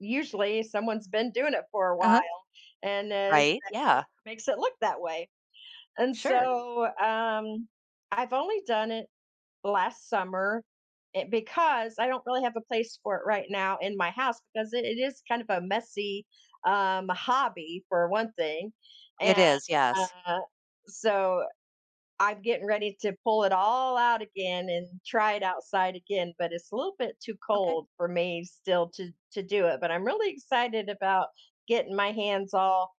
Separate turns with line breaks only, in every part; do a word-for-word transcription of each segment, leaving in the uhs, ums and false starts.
Usually someone's been doing it for a
Uh-huh.
while, and is
Right,
that
yeah.
just makes it look that way, and,
Sure.
so, um, I've only done it last summer it because I don't really have a place for it right now in my house because it is kind of a messy, um, hobby for one thing,
It
and,
is, yes.
uh, so, I'm getting ready to pull it all out again and try it outside again, but it's a little bit too
Okay.
cold for me still to to do it but I'm really excited about getting my hands all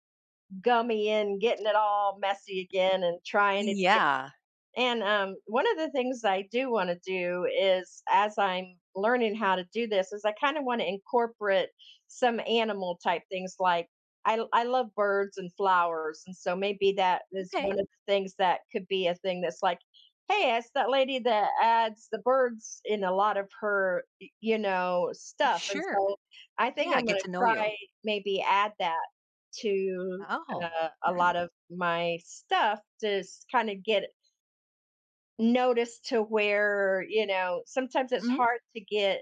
gummy and getting it all messy again and trying it again
Yeah.
and, um, one of the things I do want to do is as I'm learning how to do this, is I kinda want to incorporate some animal type things, like, I I love birds and flowers, and so maybe that is one
M'kay.
of the things that could be a thing that's, like, "Hey it's that lady that adds the birds in a lot of her, y you know, stuff," and
Sure,
so, I think
yeah
I'm going
get
to
to know you.
try maybe add that to
Oh.
a a lot of my stuff to s kind of get it noticed to where, you know, sometimes it's
Mm.
hard to get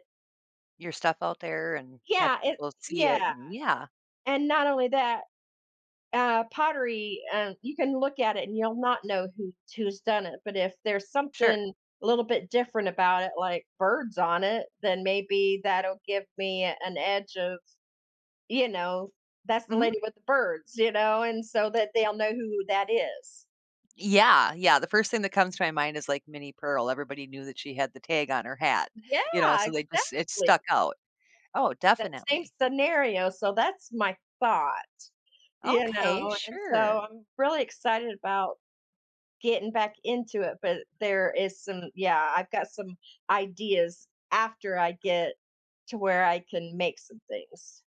Your stuff out there and have
Yeah, it
we'll see it,
yeah,
and yeah.
and not only that, uh, pottery, um, you can look at it and you'll not know who who's done it, but if there's
Sure.
something a little bit different about it, like, birds on it, then maybe that'll give me an edge of, you know, "That's the
Mhm.
lady with the birds," you know, and, so, that they'll know who that is.
Yeah, yeah, the first thing that comes to my mind is like Minnie Pearl, everybody knew that she had the tag on her hat,
Yeah,
you know so they just it
exactly!
stuck out. Oh,
That same
definitely.
scenario, so, that's my thought, you
Okay,
know, and, so,
sure.
I'm really excited about, getting back into it, but there is some yeah, I've got some ideas after I get to where I can make some things.